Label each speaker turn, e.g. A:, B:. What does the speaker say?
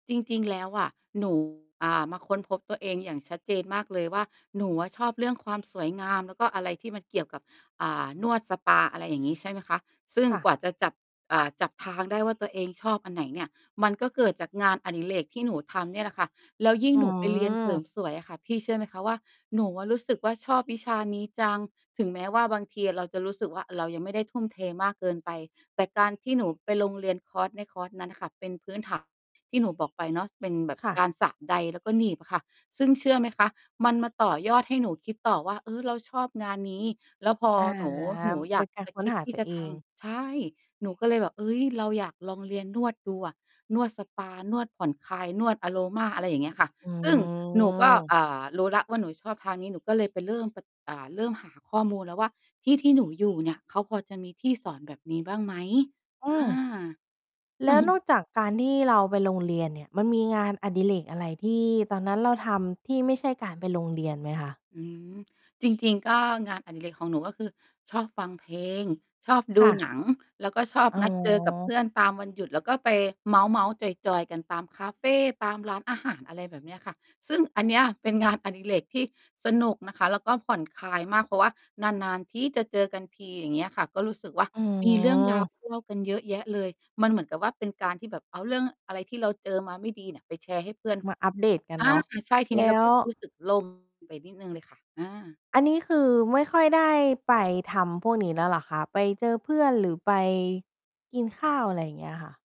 A: จริง ๆ แล้ว อะ หนู อ่า มาค้นพบตัวเองอย่างชัดเจนมากเลยว่า หนูอะชอบเรื่องความสวยงามแล้วก็อะไรที่มันเกี่ยวกับ อ่า นวดสปา อะไรอย่างงี้ ใช่ไหมคะ ซึ่ง
B: ค่ะ
A: กว่าจะจับ อ่า จับทางได้ว่าตัวเองชอบอันไหนเนี่ย มันก็เกิดจากงานอดิเรกที่หนูทำเนี่ยแหละค่ะ แล้วยิ่ง
B: อ๋อ
A: หนูไปเรียนเสริมสวยอะค่ะ พี่เชื่อไหมคะ ว่าหนูอะรู้สึกว่า ชอบวิชานี้จัง ถึงแม้ว่าบางทีอะเราจะรู้สึกว่า เรายังไม่ได้ทุ่มเทมากเกินไป แต่การที่หนูไปลงเรียนคอร์สในคอร์สนั้น น่ะ ค่ะ เป็นพื้นฐานที่หนูบอกไปเนาะเป็นแบบ
B: ค่
A: ก
B: ะ
A: ารสระไดร์แล้วก็หนีบอะค่ะ ซึ่งเชื่อไหมคะ มันมาต่อยอดให้หนูคิดต่อว่า เออ เราชอบงานนี้ แล้วพอ
B: อา
A: หนู หนูอ
B: เ
A: ย
B: ป็
A: า
B: น
A: ก
B: การ
A: จะ
B: ค้
A: ค
B: น
A: ิด
B: หา
A: ที
B: ต
A: ่
B: ั
A: จ
B: ว
A: ะ
B: เอ
A: ท
B: ง
A: ำ ใช่ หนูก็เลยแบบ เฮ้ย เรา อยากลองเรียนนวดดูอะ นวดสปา นวดผ่อนคลาย นวดอะโรมา อะไรอย่างเงี้ยค่ะ
B: อื
A: ซึ่งหนูก็
B: ม
A: อ่า รู้แล้วว่าหนูชอบทางนี้ หนูก็เลยไปเริ่มไป อ่า เริ่มหาข้อมูลแล้วว่าที่ที่หนูอยู่เนี่ยเขาพอจะมีที่สอนแบบนี้บ้างไหม?
B: อ
A: อ่
B: ื
A: า
B: ม แล้วนอกจากการที่เราไปโรงเรียนเนี่ย มันมีงานอดิเรกอะไรที่ตอนนั้นเราทำที่ไม่ใช่การไปโรงเรียนไหมคะ?
A: อืม จริง ๆ ก็ งานอดิเรกของหนู ก็คือชอบฟังเพลง ชอบด
B: ค
A: ู
B: ่ะ
A: หนัง แล้วก็ชอบ
B: อ๋
A: นัดเจอกับเพ
B: อ
A: ื่อนตามวันหยุดแล้วก็ไปเมาท์ ๆ จอย ๆ กัน ตามคาเฟ ตามร้านอาหาร อะไรแบบนี้ค่ะ ซึ่งอันเนี้ย เป็นงาน อดิเรกที่สนุกนะคะ แล้วก็ผ่อนคลายมาก เพราะว่านาน ๆ ที่จะเจอกันที อย่างเงี้ยค่ะ ก็รู้สึกว่า
B: อื
A: มีเรื่อง รา
B: ม
A: ว ที่เล่ากันเยอะแยะเลย มันเหมือนกับว่าเป็นการที่แบบเอาเรื่องอะไรที่เราเจอมาไม่ดีเนี่ยไปแชร์ให้เพื่อน
B: มาอัปเดตกัน
A: อ่า
B: เนาะ
A: ใช่ ทีน
B: แ
A: ี
B: ล
A: ้เร
B: ้
A: าก
B: ว
A: ็รู้สึก โล่ง ไปนิดหนึ่งเลยค่ะ อา
B: อันนี้คือไม่ค่อยได้ไปทำพวกนี้แล้วเหรอคะ? ไปเจอเพื่อนหรือไปกินข้าว อะไรอย่างเงี้ยค่ะ